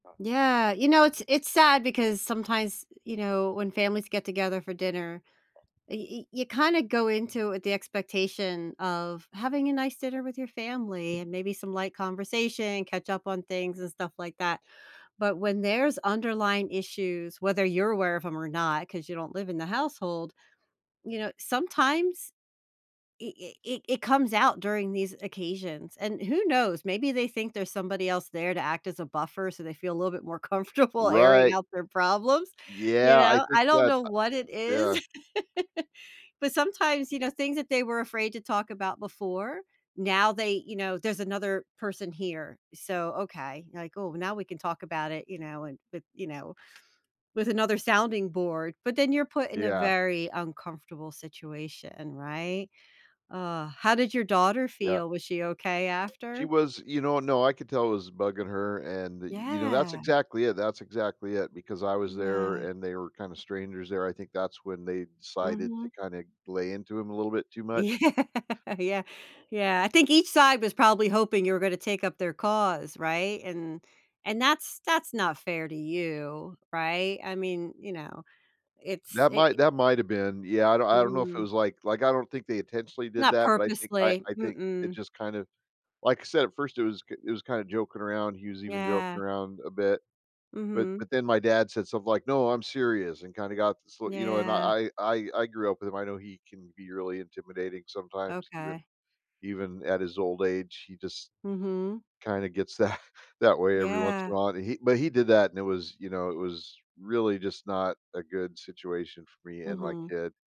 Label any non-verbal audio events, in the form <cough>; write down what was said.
Yeah, you know, it's it's sad because sometimes, you know, when families get together for dinner, y y you kinda go into with the expectation of having a nice dinner with your family, and maybe some light conversation, catch up on things, and stuff like that, but when there's underlying issues, whether you're aware of 'em or not, 'cause you don't live in the household, you know, sometimes i i i it comes out during these occasions, and who knows, maybe they think there's somebody else there to act as a buffer so they feel a little bit more comfortable airing Right. out their problems, you Yeah, I know? think I don't that, know uh what it is, Yeah. <laughs> but sometimes, you know, things that they were afraid to talk about before, now, they you know, there's another person here, so, okay, like, "Oh, now we can talk about it, you know, and with you know, with another sounding board," but then, you're put in a Yeah. very uncomfortable situation, right? Ugh. How did your daughter Yeah. feel? Was she okay She after? was, you know no, I could tell it was bugging her, and, you know, that's Yeah. exactly it, that's exactly it, because I was Yeah. there and they were kinda strangers there; I think that's when they decided to Mhm. kinda lay into him a little bit too Yeah, much. yeah, yeah, I think each side was probably hoping you were gonna take up their cause, right? And and that's that's not fair to you, right? I mean, you know, it's That i i might that might've been. Yeah, I don't I don't know if it Mm. was like like, I don't think they intentionally did Not that, but I think I purposely. I think it Mm-mm. just kind of like said, at first it was k it was kinda joking around. He was even joking Yeah. around a bit, but Mhm. but then my dad said something like, "No, I'm serious," and kinda got sl you know, and Yeah. I I I grew up with him. I know he can be really intimidating sometimes even Okay. even at his old age, he just Mhm. kinda gets that that way every once in Yeah. while, but he but he did that, and it was you know, it was really just not a good situation for me and my Mhm. kid.